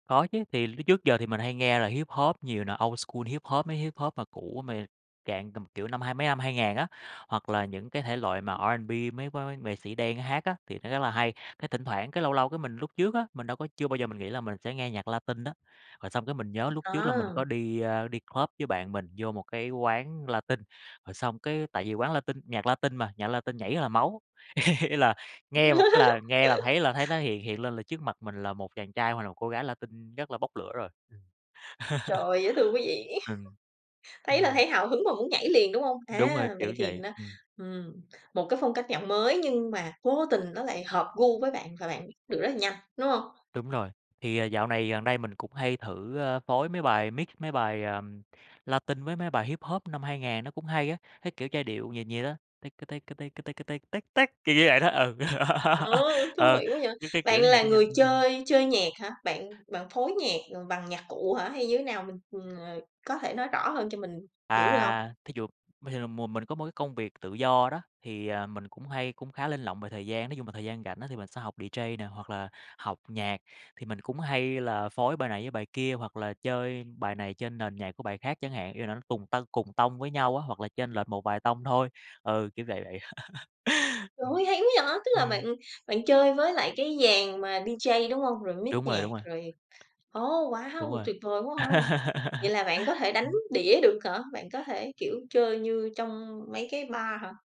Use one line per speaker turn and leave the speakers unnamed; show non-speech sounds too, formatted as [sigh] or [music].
Có chứ. Thì lúc trước giờ thì mình hay nghe là Hip-hop nhiều nè, Old School Hip-hop, mấy Hip-hop mà cũ, mà dạng tầm kiểu năm hai mấy năm 2000 á, hoặc là những cái thể loại mà R&B, mấy mấy nghệ sĩ đen hát á, thì nó rất là hay. Cái thỉnh thoảng, cái lâu lâu, cái mình lúc trước á, mình đâu có chưa bao giờ mình nghĩ là mình sẽ nghe nhạc Latin đó. Rồi xong cái mình nhớ lúc trước là mình
À!
có đi, a, đi club với bạn mình, vô một cái quán Latin. Rồi xong cái tại vì quán Latin, nhạc Latin mà, nhạc Latin nhảy rất là máu, [laughs] ý là nghe một cái là nghe là thấy là thấy nó
[laughs]
hiện hiện lên là trước mặt mình là một chàng trai, hoặc là một cô gái Latin rất là bốc lửa rồi. Ừm, [laughs]
Trời, dễ thương quá vậy!
ừm.
[laughs] Thấy là
Ừm.
thấy hào hứng mà muốn nhảy liền, đúng hông?
Đúng rồi,
À, vậy
kiểu
thì
vậy.
nó
Ừm.
ừm, một cái phong cách nhạc mới nhưng mà vô tình nó lại hợp gu với bạn, và bạn biết được rất là nhanh, đúng hông?
Đúng rồi. Thì, ờ, dạo này, gần đây mình cũng hay thử, a, phối mấy bài mix, mấy bài, ờm, Latin với mấy bài Hip-hop năm 2000, nó cũng hay á. Cái kiểu giai điệu nhịp vậy đó: ticka ticka ticka ticka tick tick tick, kiểu như vậy đó, ừ.
Ờ,
[laughs]
thú
Ờ,
vị quá vậy!
cái cái, kiểu
Bạn
như nhạc
là
nó nhanh.
người
Ưm, ưm.
chơi chơi nhạc hả? Bạn bạn phối nhạc, ờ, bằng nhạc cụ hả, hay như thế nào? Mình ờ, có thể nói rõ hơn cho mình hiểu được hông?
À, thí dụ bình thường là mùa mình có một cái công việc tự do đó, thì, ờ, mình cũng hay cũng khá linh lộng về thời gian. Nói chung là thời gian rảnh á, thì mình sẽ học DJ nè, hoặc là học nhạc. Thì mình cũng hay là phối bài này với bài kia, hoặc là chơi bài này trên nền nhạc của bài khác chẳng hạn. Ý là nó cùng tâng cùng tông với nhau á, hoặc là chênh lệch một vài tông thôi, ừ, kiểu vậy vậy. [laughs]
Trời
Ừm,
ơi, hay quá vậy! Tức là bạn
ừm.
bạn chơi với lại cái dàn mà DJ, đúng hông? Rồi mix
Đúng rồi,
nhạc,
đúng rồi.
rồi ồ,
Đúng
wow!
rồi.
Tuyệt vời quá ha! Vậy
[laughs]
là bạn có thể đánh
Ừm.
đĩa được hả? Bạn có thể, kiểu, chơi như trong mấy cái bar hả?